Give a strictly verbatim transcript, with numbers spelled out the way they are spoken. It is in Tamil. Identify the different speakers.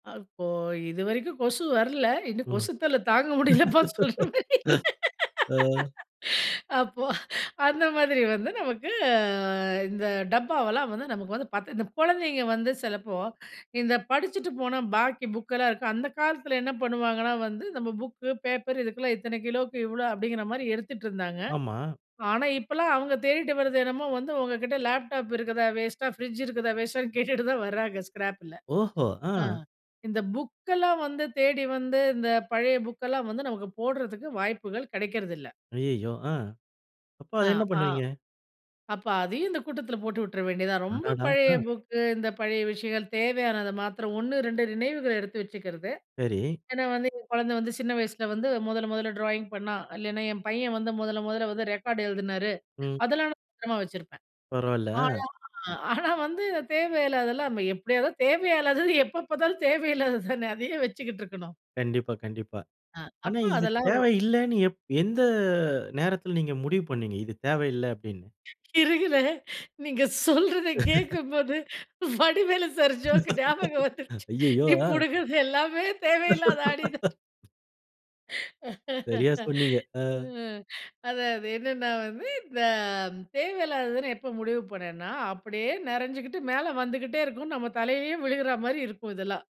Speaker 1: அ இப்போ இதுவரைக்கும் கொசு வரல. இன்னும்
Speaker 2: ஒ.
Speaker 1: கொசுத் தொல்ல தாங்க முடியலப்பா சொல்ற மாரியில்ல.
Speaker 2: ஆ.
Speaker 1: அப்போ, அந்த மாதிரி வந்து நமக்கு அ இந்த டப்பாவெல்லாம் வந்து நமக்கு வந்து பத்து, இந்த குழந்தைங்க வந்து சிலப்போ இந்த படிச்சுட்டு போன பாக்கி புக்கெல்லாம் இருக்கும். அந்த காலத்தில என்ன பண்ணுவாங்கன்னா வந்து, நம்ம புக்கு பேப்பர் இதுக்கெல்லாம் இத்தனை கிலோவுக்கு இவ்வளோ, அப்படிங்கிற மாரி எடுத்துட்டுருந்தாங்க.
Speaker 2: ஆமா.
Speaker 1: ஆனா இப்பலாம் அவுங்க தேடிட்டு வரது என்னமோ வந்து உங்க கிட்ட லேப்டாப் இருக்குதா வேஸ்ட்டா, ஃப்ரிட்ஜ் இருக்குதா வேஸ்ட்டான்னு கேட்டுட்டு தான் வராங்க ஸ்க்ராப்பில.
Speaker 2: ஓஹோ! ஆ.
Speaker 1: ஆ இந்த புக்கெல்லாம் வந்து தேடி வந்து இந்த பழைய புக்கெல்லாம் வந்து நமக்கு போட்றதுக்கு வாய்ப்புகள் கிடைக்கிறதில்ல.
Speaker 2: அய்யய்யோ! அ. அப்ப
Speaker 1: ஆ
Speaker 2: அதை என்ன
Speaker 1: அ
Speaker 2: பண்ணுவீங்க?
Speaker 1: அப்ப அதையும் இந்த கூட்டத்தில போட்டு விட்டுற வேண்டியதுதான். ரொம்ப
Speaker 2: அடடா!
Speaker 1: பழைய
Speaker 2: ஆ.
Speaker 1: புக்கு இந்த பழைய விஷயங்கள் தேவையானதை மாத்திரம் ஒண்ணு, ரெண்டு நினைவுகள எடுத்து வச்சுக்கிறது.
Speaker 2: சரி.
Speaker 1: ஏன்னா வந்து "என் குழந்தை வந்து சின்ன வயசில வந்து மொதல மொதல ட்ராயிங் பண்ணா. இல்லைனா என் பையன் வந்து முதல முதல வந்து ரெக்கார்ட் எழுதுனாரு."
Speaker 2: ம்.
Speaker 1: அதெல்லாம் நான் பத்திரமா வச்சிருப்பேன்.
Speaker 2: பரவாயில்ல,
Speaker 1: ஆனா
Speaker 2: ஆ.
Speaker 1: ஆனா, வந்து தேவையில்லாதலாம் எப்டியாவது தேவையே இல்லாதது எப்போ பாத்தாலும் தேவையில்லாதது தானே, அத ஏன் வச்சுக்கிட்டு இருக்கணும்?
Speaker 2: கண்டிப்பா, கண்டிப்பா.
Speaker 1: ஆ
Speaker 2: ஆனா
Speaker 1: அப்போ
Speaker 2: இது
Speaker 1: அதெல்லாம்
Speaker 2: தேவையில்லனு எப் எந்த நேரத்தில நீங்க முடிவு பண்ணீங்க? இது தேவையில்ல அப்டினு.
Speaker 1: இருங்களேன். நீங்க சொல்றத கேட்கும்போது வடிவேலு சார் ஜோக் ஞாபகம் வந்துருச்சு.
Speaker 2: ஐய்யயோ,
Speaker 1: நீ
Speaker 2: ஆ.
Speaker 1: புடுங்கறது எல்லாமே தேவையில்லாத ஆணி தான்.
Speaker 2: சரியா, சொன்னீங்க.
Speaker 1: அ
Speaker 2: ஆ.
Speaker 1: அது அது என்னன்னா வந்து இந்த தேவையில்லாததுன்னு எப்ப முடிவு பண்ணேன்னா அப்படியே நிறைஞ்சுகிட்டு மேலே வந்துகிட்டே இருக்கும். நம்ம தலையே விழுகிற மாதிரி இருக்கும் இதெல்லாம்.